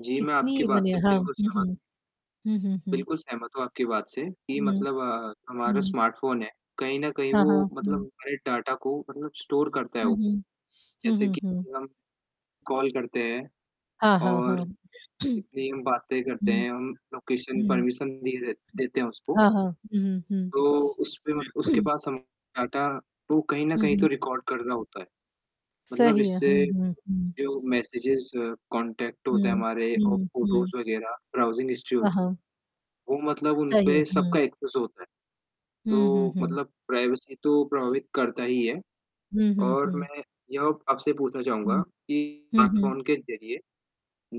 जी, मैं आपकी कितनी बात बने से हैं हाँ, बिल्कुल हुँ, सहमत हूँ। हुँ। हुँ, हुँ, हुँ। बिल्कुल सहमत हूँ आपकी बात से, कि हुँ, मतलब अ, हमारा हुँ। स्मार्टफ़ोन है, कहीं न कहीं हाँ, वो हाँ। मतलब हुँ। हमारे डाटा को मतलब स्टोर करता है हुँ, वो। हुँ। हुँ, जैसे हुँ, कि हुँ। हम, कॉल करते हैं हाँ, हाँ, और हाँ। जितनी हम बातें करते हुँ, हैं हम लोकेशन हुँ। परमिशन दी दे देते हैं उसको। हाँ, हाँ। हुँ, हुँ, हुँ। तो उसपे मत उसके पास हम डाटा वो कहीं न हुँ, कहीं तो हुँ। रिकॉर्ड कर रहा होता है। मतलब सही है, हुँ, इससे, हुँ, हुँ। जो मैसेजेस, कॉन्टैक्ट होते हैं हुँ, हमारे और हुँ, हुँ। फ़ोटोज़ वगैरह, ब्राउज़िंग हिस्ट्री हाँ, होत हाँ। वो मतलब उन सही है, पे हुँ। सबका एक्सेस होता है। हुँ, हुँ, तो हुँ। मतलब प्राइवेसी तो प्रभावित करता ही है। हुँ, हुँ, और हुँ। मैं यह आपसे पूछना चाहूँगा हुँ। कि हुँ, हुँ। स्मार्टफ़ोन के ज़रिए,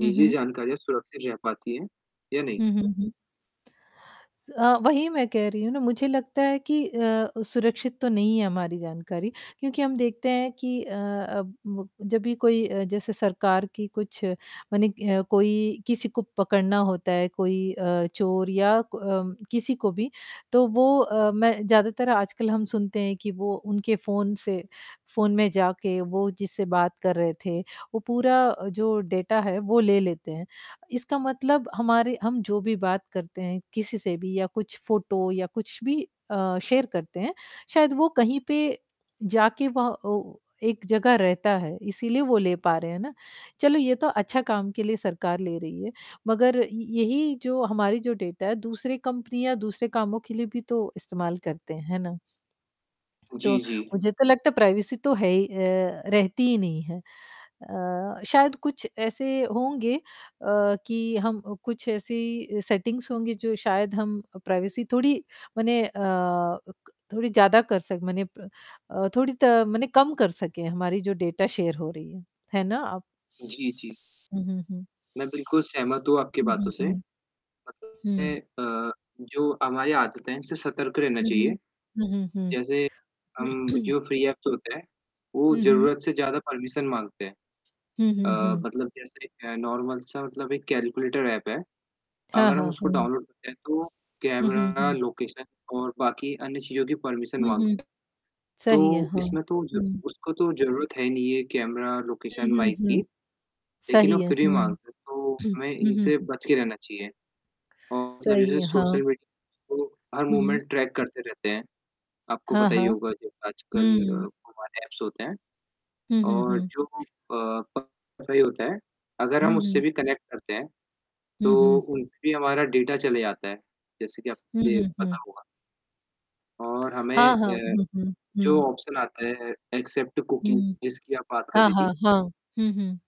हुँ, हुँ। जानकारियाँ सुरक्षित रह पाती हैं, या नहीं? हुँ, हुँ, हुँ। स अ, वही मैं कह रही हूँ ना, मुझे लगता है कि अ अ, सुरक्षित तो नहीं है हमारी जानकारी, क्योंकि हम देखते हैं कि अ अब व जब भी कोई अ, जैसे सरकार की कुछ, मने है कोई किसी को पकड़ना होता है, कोई अ, चोर या क अम, किसी को भी, तो वो अ, मैं ज़्यादातर आजकल हम सुनते हैं कि वो उनके फ़ोन से, फ़ोन में जाके वो जिससे बात कर रहे थे, वो पूरा अ, जो डेटा है वो ले लेते हैं। इसका मतलब हमारे हम जो भी बात करते हैं, किसी से भी या कुछ फ़ोटो या कुछ भी अ, शेयर करते हैं, शायद वो कहीं पे, जाके वह ओ एक जगह रहता है, इसीलिए वो ले पा रहे हैं ना? चलो ये तो अच्छा काम के लिए सरकार ले रही है, मगर इ यही जो हमारी जो डेटा है दूसरे कंपनियाँ दूसरे कामों के लिए भी तो इस्तेमाल करते, है ना? तो, जी, जी। मुझे तो लगता है प्राइवेसी तो है ही अ, रहती ही नहीं है। अ, शायद कुछ ऐसे होंगे अ, कि हम अ, कुछ ऐसी सेटिंग्स होंगी जो शायद हम अ, प्राइवेसी थोड़ी मने अ, अ, क थोड़ी ज़्यादा कर सक मने प अ, थोड़ी त मने कम कर सके हमारी जो डेटा शेयर हो रही है, है ना? आप जी, जी। हुँ, हुँ, हुँ। मैं बिल्कुल सहमत हूँ आपकी हुँ, हुँ, बातों से, हुँ। मतलब हुँ। हैं अ, जो हमारी आदत है इनसे सतर्क रहना हुँ, चाहिए। हुँ। हुँ, हुँ, जैसे अम, हुँ। जो फ्री ऐप्स होते हैं, वो हुँ, हुँ। ज़रूरत से ज़्यादा परमिशन माँगते हैं। हुँ, हुँ, अ, हुँ। मतलब जैसे एक नॉर्मल सा मतलब एक कैलकुलेटर ऐप है, हाँ, अगर हम हाँ, उसको हुँ। डाउनलोड करते हैं तो, हुँ, हुँ, कैमरा हुँ। लोकेशन और बाकी अन्य चीज़ों की परमिशन हुँ, हुँ। माँगता तो सही है, हाँ। इसमें तो ज हुँ। उसको तो ज़रूरत है नहीं ये कैमरा हुँ, लोकेशन हुँ, माइक की। हुँ। लेकिन सही वो है, फिर भी हुँ। माँगता है, तो हुँ, हमें हुँ, इनसे हुँ। बच के रहना चाहिए। और मतलब सही जैसे है, हाँ। सोशल मीडिया, तो हर हुँ, हुँ। मूवमेंट ट्रैक करते रहते हैं। आपको हाँ, पता ही हाँ। होगा जैसे आजकल अ, हुँ। वो वाले ऐप्स होते हैं, हुँ, हुँ, और हुँ। जो अ, प सही होते हैं, अगर हुँ, हम उससे हुँ। भी कनेक्ट करते हैं, हुँ, तो हुँ। उन पे भी हमारा डेटा चले जाता है। जैसे कि हुँ, आपको ये हुँ, पता हुँ। होगा। और हमें हाँ, हाँ, अ, हुँ, हुँ। जो हुँ। ऑप्शन आता है एक्सेप्ट कुकीज़ हुँ। जिसकी आप बात कर हाँ, रही हाँ, थी। हाँ। हुँ, हुँ।